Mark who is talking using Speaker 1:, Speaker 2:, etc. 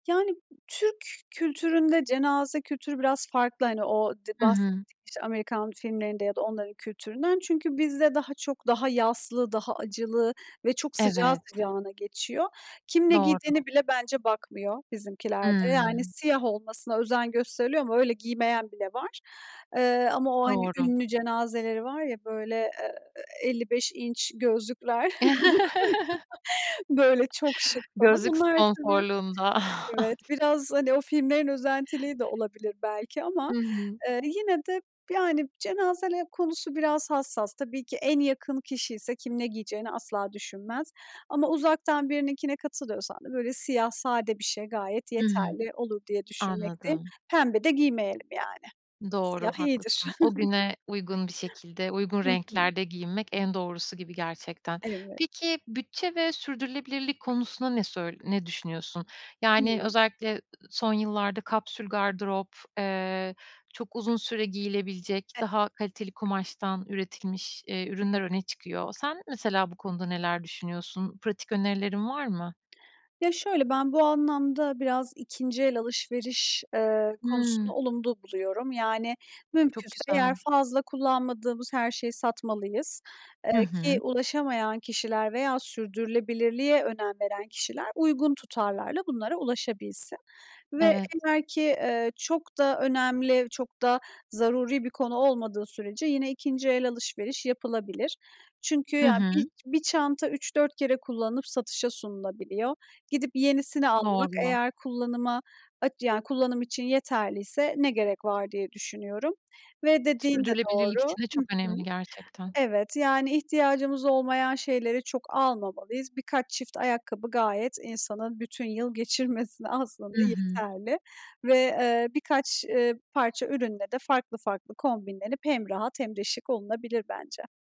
Speaker 1: Yani, Türk kültüründe cenaze kültürü biraz farklı. Hani, o d
Speaker 2: Hı
Speaker 1: bahsettiğim,
Speaker 2: hı.
Speaker 1: işte, Amerikan filmlerinde ya da onların kültüründen. Çünkü bizde daha çok daha yaslı, daha acılı ve çok sıcağı
Speaker 2: Evet.
Speaker 1: sıcağına geçiyor. Kim ne
Speaker 2: Doğru.
Speaker 1: giydiğine bile bence bakmıyor bizimkilerde. Yani,
Speaker 2: Hıı.
Speaker 1: siyah olmasına özen gösteriliyor ama öyle giymeyen bile var. Eee, ama o, hani,
Speaker 2: Doğru.
Speaker 1: ünlü cenazeleri var ya, böyle, eee, 55 inç gözlükler, [unintelligible] böyle, çok şık falan.
Speaker 2: Gözlük
Speaker 1: Bunlar tabii
Speaker 2: sponsorluğunda.
Speaker 1: Evet, biraz, hani, o filmlerin özentiliği de olabilir belki ama,
Speaker 2: Hı hı.
Speaker 1: eee, yine de, yani, cenaze konusu biraz hassas. Tabii ki en yakın kişi ise kim ne giyeceğini asla düşünmez Ama uzaktan birininkine katılıyorsan da böyle siyah sade bir şey gayet
Speaker 2: Hı hı.
Speaker 1: yeterli olur diye düşünmekteyim.
Speaker 2: Anladım.
Speaker 1: Pembe de giymeyelim yani.
Speaker 2: Doğru,
Speaker 1: Siyah iyidir.
Speaker 2: haklısın. O güne uygun bir şekilde, uygun
Speaker 1: Hı hı.
Speaker 2: renklerde giyinmek en doğrusu gibi gerçekten.
Speaker 1: Evet.
Speaker 2: Peki bütçe ve sürdürülebilirlik konusunda ne söy ne düşünüyorsun? Yani,
Speaker 1: Hıı.
Speaker 2: özellikle, eee, son yıllarda kapsül gardırop, eee, çok uzun süre giyilebilecek,
Speaker 1: E
Speaker 2: daha kaliteli kumaştan üretilmiş, iii, ürünler öne çıkıyor. Sen mesela bu konuda neler düşünüyorsun? Pratik önerilerin var mı?
Speaker 1: Ya, şöyle, ben bu anlamda biraz 2. el alışveriş, eee, konusunda
Speaker 2: Hımm.
Speaker 1: olumlu buluyorum. Yani,
Speaker 2: Çok
Speaker 1: mümkünse
Speaker 2: güzel.
Speaker 1: eğer fazla kullanmadığımız her şeyi satmalıyız, eee,
Speaker 2: Hı
Speaker 1: ki
Speaker 2: hı.
Speaker 1: ulaşamayan kişiler veya sürdürülebilirliğe önem veren kişiler uygun tutarlarla bunlara ulaşabilsin ve
Speaker 2: Evet.
Speaker 1: eğer ki, eee, çok da önemli, çok da zaruri bir konu olmadığı sürece yine 2. el alışveriş yapılabilir. Çünkü
Speaker 2: Hı
Speaker 1: ya
Speaker 2: hı.
Speaker 1: bir bir çanta 3 4 kere kullanıp satışa sunulabiliyor. Gidip yenisini almak
Speaker 2: Doğru.
Speaker 1: eğer kullanıma, aç yani kullanım için yeterliyse ne gerek var diye düşünüyorum ve dediğin de
Speaker 2: Sürdürülebilirlik
Speaker 1: doğru
Speaker 2: için de
Speaker 1: Hı
Speaker 2: çok
Speaker 1: hı.
Speaker 2: önemli gerçekten.
Speaker 1: Evet, yani, ihtiyacımız olmayan şeyleri çok almamalıyız. Birkaç çift ayakkabı gayet insanın bütün yıl geçirmesine
Speaker 2: Hı
Speaker 1: aslında
Speaker 2: hı.
Speaker 1: yeterli ve, eee, birkaç, eee, parça ürünle de farklı farklı kombinlenip hem rahat hem de şık olunabilir bence.